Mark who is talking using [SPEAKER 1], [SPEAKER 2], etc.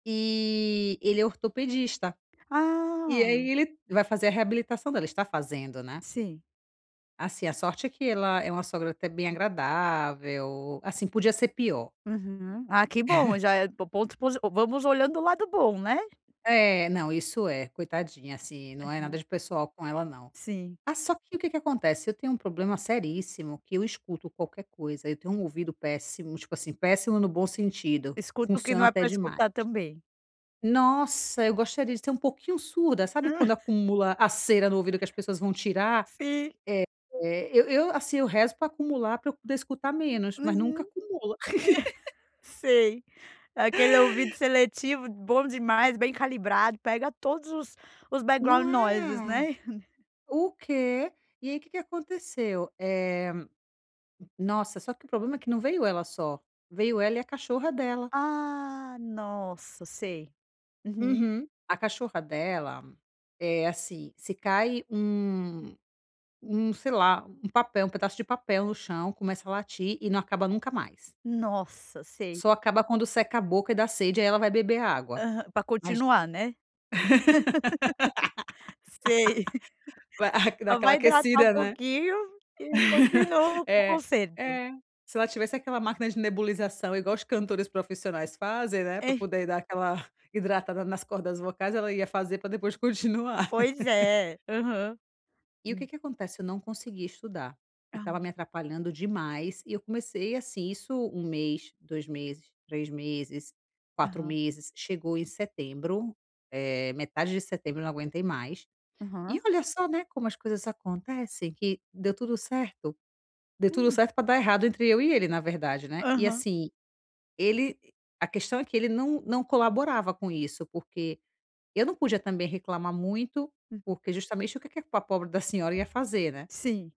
[SPEAKER 1] E ele é ortopedista. E
[SPEAKER 2] Ah.
[SPEAKER 1] aí, ele vai fazer a reabilitação dela, está fazendo, né.
[SPEAKER 2] Sim.
[SPEAKER 1] Assim, a sorte é que ela é uma sogra até bem agradável, assim, podia ser pior.
[SPEAKER 2] Uhum, ah que bom já é po pontos posi vamos olhando o lado bom, né.
[SPEAKER 1] É não isso é, coitadinha, assim, não é nada
[SPEAKER 2] Aham.
[SPEAKER 1] de pessoal com ela não.
[SPEAKER 2] Sim.
[SPEAKER 1] Ah só que o que que acontece, eu tenho um problema seríssimo que eu escuto qualquer coisa, eu tenho um ouvido péssimo, tipo assim péssimo no bom sentido,
[SPEAKER 2] Escuta o que
[SPEAKER 1] funciona
[SPEAKER 2] não é
[SPEAKER 1] até
[SPEAKER 2] para
[SPEAKER 1] demais.
[SPEAKER 2] escutar também.
[SPEAKER 1] Nossa, eu gostaria de ser um pouquinho surda, sabe
[SPEAKER 2] Hã.
[SPEAKER 1] quando acumula a cera no ouvido que as pessoas vão tirar,
[SPEAKER 2] Sim.
[SPEAKER 1] eh eh, eu eu, assim, eu rezo pra acumular para eu poder escutar
[SPEAKER 2] Uhum.
[SPEAKER 1] menos mas nunca acumula.
[SPEAKER 2] Sei, aquele ouvido seletivo bom demais, bem calibrado, pega todos os os
[SPEAKER 1] Não
[SPEAKER 2] backgroud noises
[SPEAKER 1] é.
[SPEAKER 2] né?
[SPEAKER 1] O quê?! E aí o que que aconteceu, eh, nossa só que o problema é que não veio ela só, veio ela e a cachorra dela.
[SPEAKER 2] Ah nossa sei. Uhum.
[SPEAKER 1] Uhum. A cachorra dela é assim, se cai um um sei lá, um papel, um pedaço de papel no chão começa a latir e não acaba nunca mais.
[SPEAKER 2] Nossa, sei.
[SPEAKER 1] Só acaba quando seca a boca e dá sede, aí ela vai beber água,
[SPEAKER 2] Aham, para
[SPEAKER 1] mas
[SPEAKER 2] continuar né. Sei.
[SPEAKER 1] Que dá
[SPEAKER 2] Só
[SPEAKER 1] aquela
[SPEAKER 2] vai hidratar um
[SPEAKER 1] aquecida, né.
[SPEAKER 2] pouquinho e continuo com o
[SPEAKER 1] É,
[SPEAKER 2] conserto.
[SPEAKER 1] é, se ela tivesse aquela máquina de nebulização, igual os cantores profissionais fazem, né, pra
[SPEAKER 2] É.
[SPEAKER 1] poder, ah, dar aquela hidratada nas cordas vocais, ela ia fazer para depois continuar.
[SPEAKER 2] Pois é, aham.
[SPEAKER 1] E o
[SPEAKER 2] Hum.
[SPEAKER 1] que que acontece, eu não conseguia estudar, e
[SPEAKER 2] Ah.
[SPEAKER 1] estava me atrapalhando demais. E eu comecei assim, isso 1 mês, 2 meses, 3 meses, 4
[SPEAKER 2] Aham.
[SPEAKER 1] meses. Chegou em setembro, eh, metade de setembro, eu não aguentei mais.
[SPEAKER 2] Aham.
[SPEAKER 1] E olha só, né, como as coisas acontecem que deu tudo certo deu tudo
[SPEAKER 2] Hum.
[SPEAKER 1] certo para dar errado entre eu e ele, na verdade, né. E
[SPEAKER 2] Aham.
[SPEAKER 1] assim, ele a questão é que ele não não colaborava com isso, porque eu não podia também reclamar muito,
[SPEAKER 2] Uhum.
[SPEAKER 1] porque justamente, o que que a pobre da senhora ia fazer, né?
[SPEAKER 2] Sim.